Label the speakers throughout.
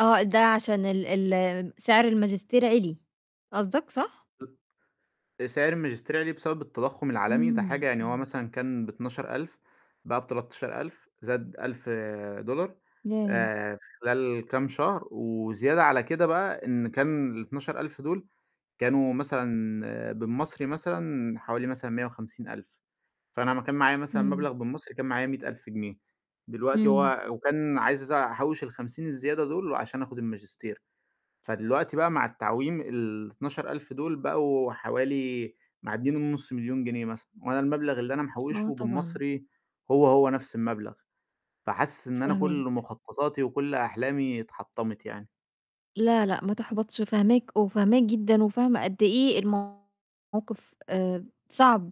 Speaker 1: آه ده عشان ال ال آآ سعر الماجستير عِلي قصدك صح؟
Speaker 2: سعر الماجستير عِلي بسبب التضخُّم العالمي، ده
Speaker 1: إمم،
Speaker 2: حاجة يعني هو
Speaker 1: إمم.
Speaker 2: مثلًا كان ب12.000 بقى ب13.000 زاد 1000 دولار
Speaker 1: ياه.
Speaker 2: آآ في خلال كام شهر وزيادة على كده بقى إن كان ال12.000 دُول، كانوا مثلًا بالمصري مثلًا حوالي مثلًا 150.000 فأنا امّا كان معايا مثلًا
Speaker 1: إمم.
Speaker 2: مبلغ بالمصري، كان معايا 100.000 جنيه، دلوقتي
Speaker 1: إمم.
Speaker 2: هو وكان عايز أحوّش ال50 الزيادة دُول عشان آخذ الماجستير، فدلوقتي بقى مع التعويم ال12.000 دُول بقوا حوالي معدّين ال500.000 جنيه مثلًا، وأنا المبلغ اللي أنا
Speaker 1: آه
Speaker 2: محوّشه
Speaker 1: طبعًا.
Speaker 2: بالمصري هو، هو نفْس المبلغ، فحاسس إن أنا
Speaker 1: فاهماك.
Speaker 2: كلّ مخططاتي وكلّ أحلامي اتحطّمِت يعني.
Speaker 1: لا، لأ ما تحبطش، فهماك، وفاهماك جدًا وفاهمة قد إيه الموقف آآ صعب،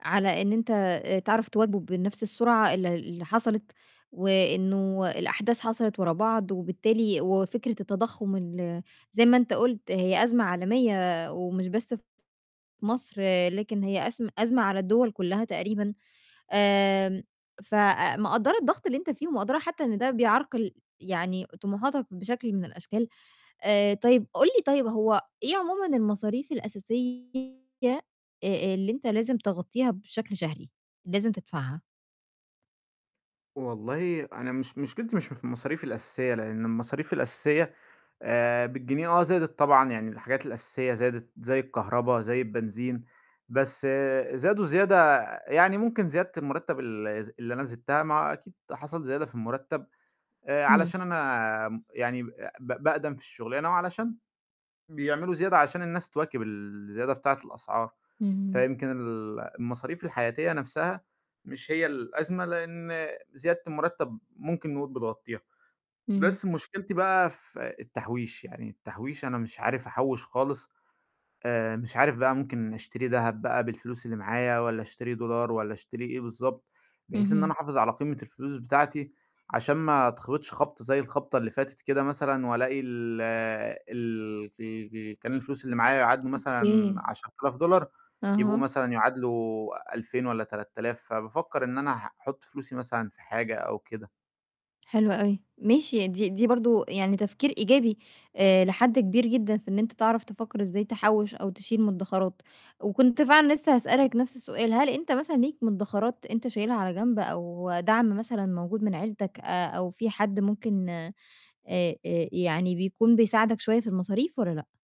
Speaker 1: على إن أنت تعرف تواكبه بنفْس السرعة اللي اللي حصلِت، وإنه الأحداث حصلِت ورا بعض، وبالتالي وفكرة التضخُّم ال زي ما أنت قُلت هي أزمة عالمية ومش بس في مصر، لكن هي أزم أزمة على الدوَل كلّها تقريبًا، آمم فمقدّرة الضغط اللي أنت فيه ومقدّرة حتّى إن ده بيعرقل يعني طموحاتك بشكل من الأشكال، آآ طيب قُل لي طيب هو إيه عمومًا المصاريف الأساسية أ أ اللي أنت لازم تغطّيها بشكل شهري، لازم تدفعها.
Speaker 2: والله أنا مش مشكلتي مش في المصاريف الأساسية، لإن المصاريف الأساسية، آآ بالجنيه آه زادت طبعًا يعني الحاجات الأساسية زادت زي الكهربا زي البنزين، بس زادوا زيادة يعني ممكن زيادة المرتّب الز اللي أنا زدتها ما هو أكيد حصل زيادة في المرتّب، آآ
Speaker 1: إمم.
Speaker 2: علشان أنا آمم يعني ب ب باقدَم في الشغلانة وعلشان بيعملوا زيادة عشان الناس تواكب الزيادة بتاعة الأسعار،
Speaker 1: اهم.
Speaker 2: فيمكن ال المصاريف الحياتية نفْسها، مش هي الأزمة لإن زيادة المرتّب ممكن نقول بتغطّيها،
Speaker 1: اهم.
Speaker 2: بس مشكلتي بقى في التحويش، يعني التحويش أنا مش عارف أحوّش خالص، آآ مش عارف بقى ممكن أشتري دهب بقى بالفلوس اللي معايا والّا أشتري دولار والّا أشتري إيه بالضبط، بحيث إن أنا
Speaker 1: اهم.
Speaker 2: حافظ على قيمة الفلوس بتاعتي، عشان ما اتخبطش خبطة زي الخبطة اللي فاتت كده مثلًا وألاقي ال ال ال ال كان الفلوس اللي معايا يعادلوا مثلًا
Speaker 1: أوكي.
Speaker 2: 10.000 دولار يبقوا
Speaker 1: أها.
Speaker 2: مثلًا يعادلوا 2000 والّا 3000، فبافكّر إن أنا أحط فلوسي مثلًا في حاجة أو كده.
Speaker 1: حلو أوي، ماشي دي دي برضه يعني تفكير إيجابي آآ لحد كبير جدًا في إن أنت تعرف تفكّر إزاي تحوّش أو تشيل مدّخرات، وكنت فعلًا لسّه هاسألك نفْس السؤال هل أنت مثلًا ليك مدّخرات أنت شايلها على جنب، أو دعم مثلًا موجود من عيلتك، آآ أو في حد ممكن آآ آآ يعني بيكون بيساعدك شوية في المصاريف والّا لأ؟